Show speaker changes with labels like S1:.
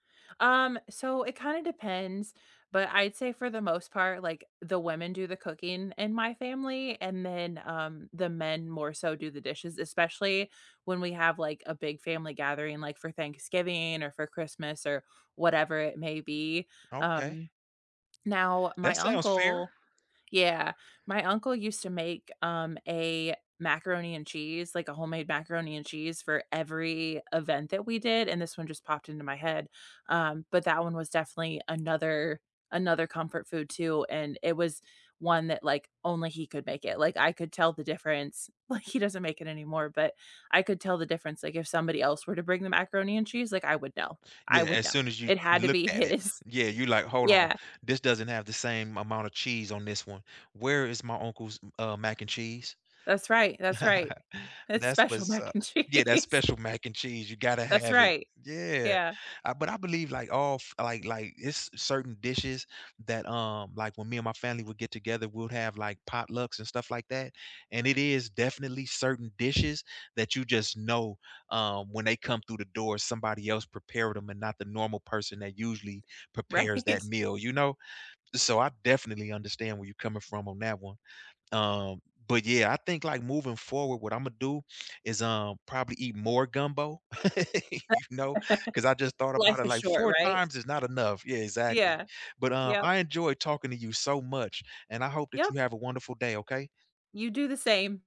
S1: Um, so it kinda depends, but I'd say for the most part, like, the women do the cooking in my family, and then, um, the men more so do the dishes, especially when we have, like, a big family gathering, like, for Thanksgiving or for Christmas or whatever it may be.
S2: Okay.
S1: Um, now my
S2: That sounds fair.
S1: uncle Yeah. My uncle used to make, um, a macaroni and cheese, like, a homemade macaroni and cheese for every event that we did- and this one just popped into my head- um, but that one was definitely another another comfort food too, and it was one that, like, only he could make it. Like, I could tell the difference like, he doesn't make it anymore, but I could tell the difference, like, if somebody else were to bring the macaroni and cheese, like, I would know, I
S2: Yeah,
S1: would
S2: as
S1: know.
S2: soon as you
S1: It had to be
S2: looked at it
S1: his.
S2: Yeah, you're like, "Hold on,
S1: Yeah.
S2: this doesn't have the same amount of cheese on this one. Where is my uncle's m uh, mac and cheese?"
S1: That's right, that's right. It's
S2: That's
S1: special
S2: was, uh
S1: mac and
S2: Yeah, that
S1: cheese.
S2: special mac and cheese, you gotta
S1: That's
S2: have it.
S1: right.
S2: Yeah,
S1: Yeah.
S2: uh, but I believe like all f like like it's certain dishes that, um like, when me and my family would get together, we'd have like potlucks and stuff like that, and it is definitely certain dishes that you just know, um, when they come through the door, somebody else prepared them and not the normal person that usually
S1: Right?
S2: prepares that meal, you know? So, I definitely understand where you're coming from on that one, um, but yeah, I think like moving forward, what Imma do is, um, probably eat more gumbo, you know, 'cause I just thought about
S1: Life
S2: it,
S1: is
S2: like,
S1: short,
S2: 4
S1: right?
S2: times is not enough. Yeah, exactly,
S1: Yeah.
S2: but, um,
S1: Yep.
S2: I enjoyed talking to you so much, and I hope that
S1: Yep.
S2: you have a wonderful day, okay?
S1: You do the same.